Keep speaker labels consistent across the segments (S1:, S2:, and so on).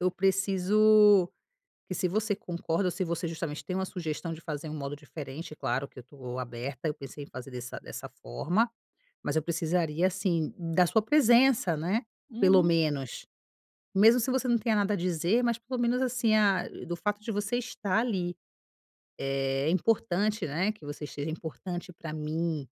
S1: Eu preciso que se você concorda ou se você justamente tem uma sugestão de fazer um modo diferente, claro que eu tô aberta. Eu pensei em fazer dessa dessa forma, mas eu precisaria, assim, da sua presença, né. Pelo
S2: Uhum.
S1: menos, mesmo se você não tenha nada a dizer, mas pelo menos assim, ah, do fato de você estar ali, é importante, né. Que você seja importante pra mim,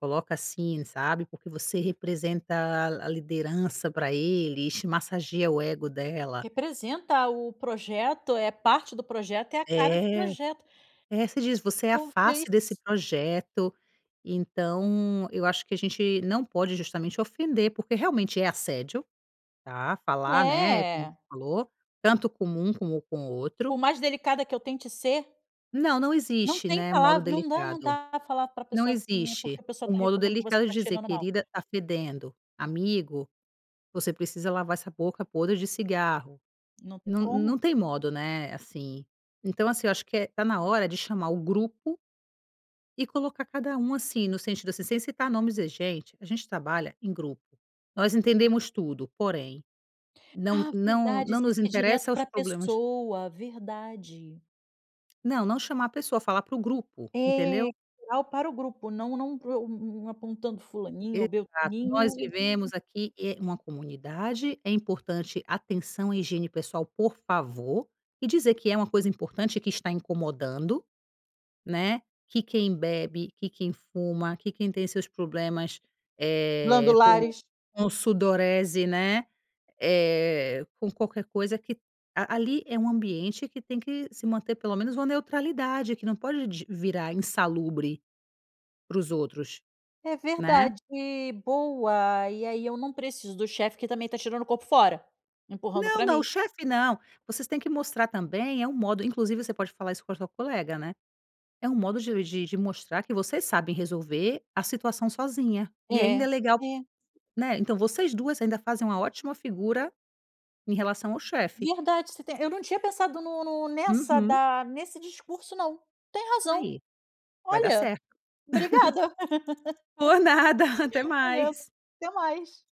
S1: coloca assim, sabe. Porque você representa a liderança pra ele, e te massageia o ego dela.
S2: Representa o projeto, é parte do projeto, é a cara do
S1: É
S2: projeto.
S1: é, você diz: “Você é a
S2: Talvez.
S1: face desse projeto”. Então eu acho que a gente não pode justamente ofender, porque realmente é assédio, tá. Falar, né, como você
S2: É.
S1: falou, tanto com um como com o outro.
S2: Por mais delicada que eu tente ser
S1: Não, não
S2: não
S1: existe,
S2: tem
S1: né, modo
S2: palavra não dá não
S1: delicado.
S2: dá falar pra
S1: Não
S2: pessoa assim, né. Porque
S1: existe
S2: a pessoa
S1: o
S2: está
S1: modo
S2: reclamando que você
S1: delicado de
S2: está
S1: dizer:
S2: chegando mal.
S1: “Querida, tá fedendo!”. “Amigo, você precisa lavar essa boca podre de cigarro”.
S2: Não tem
S1: Não
S2: como.
S1: não tem modo, né, assim. Então, assim, eu acho que está na hora de chamar o grupo e colocar cada um assim, no sentido assim, sem citar nomes: “Gente, a gente trabalha em grupo, nós entendemos tudo, porém, não
S2: Ah,
S1: não
S2: verdade,
S1: não
S2: isso é
S1: nos
S2: ser direto
S1: interessa os
S2: pra
S1: problemas”.
S2: pessoa, verdade.
S1: Não, não chamar a pessoa, falar para o grupo,
S2: É
S1: entendeu.
S2: geral para o grupo, não não apontando fulaninho ou
S1: Exato, nós
S2: beltraninho.
S1: vivemos aqui em uma comunidade, é importante atenção à higiene pessoal, por favor, e dizer que é uma coisa importante que está incomodando, né. Que quem bebe, que quem fuma, que quem tem seus problemas, eh, com
S2: Glandulares.
S1: com sudorese, né, eh, com qualquer coisa que ali é um ambiente que tem que se manter pelo menos uma neutralidade, que não pode d virar insalubre para os outros,
S2: É
S1: né.
S2: verdade, boa. E aí eu não preciso do chefe que também tá tirando o corpo fora, empurrando
S1: Não
S2: pra
S1: não, o
S2: mim.
S1: chefe não, vocês têm que mostrar também é um modo inclusive você pode falar isso com a tua colega né. É um modo de de de mostrar que vocês sabem resolver a situação sozinha. E
S2: É,
S1: ainda é legal,
S2: é.
S1: né, então vocês 2 ainda fazem uma ótima figura em relação ao chefe.
S2: Verdade você tem eu não tinha pensado no no nessa
S1: Uhum.
S2: da nesse discurso não, tem razão.
S1: Aí, vai dar
S2: Olha,
S1: certo.
S2: obrigada,
S1: Por nada, até
S2: valeu
S1: mais.
S2: até mais.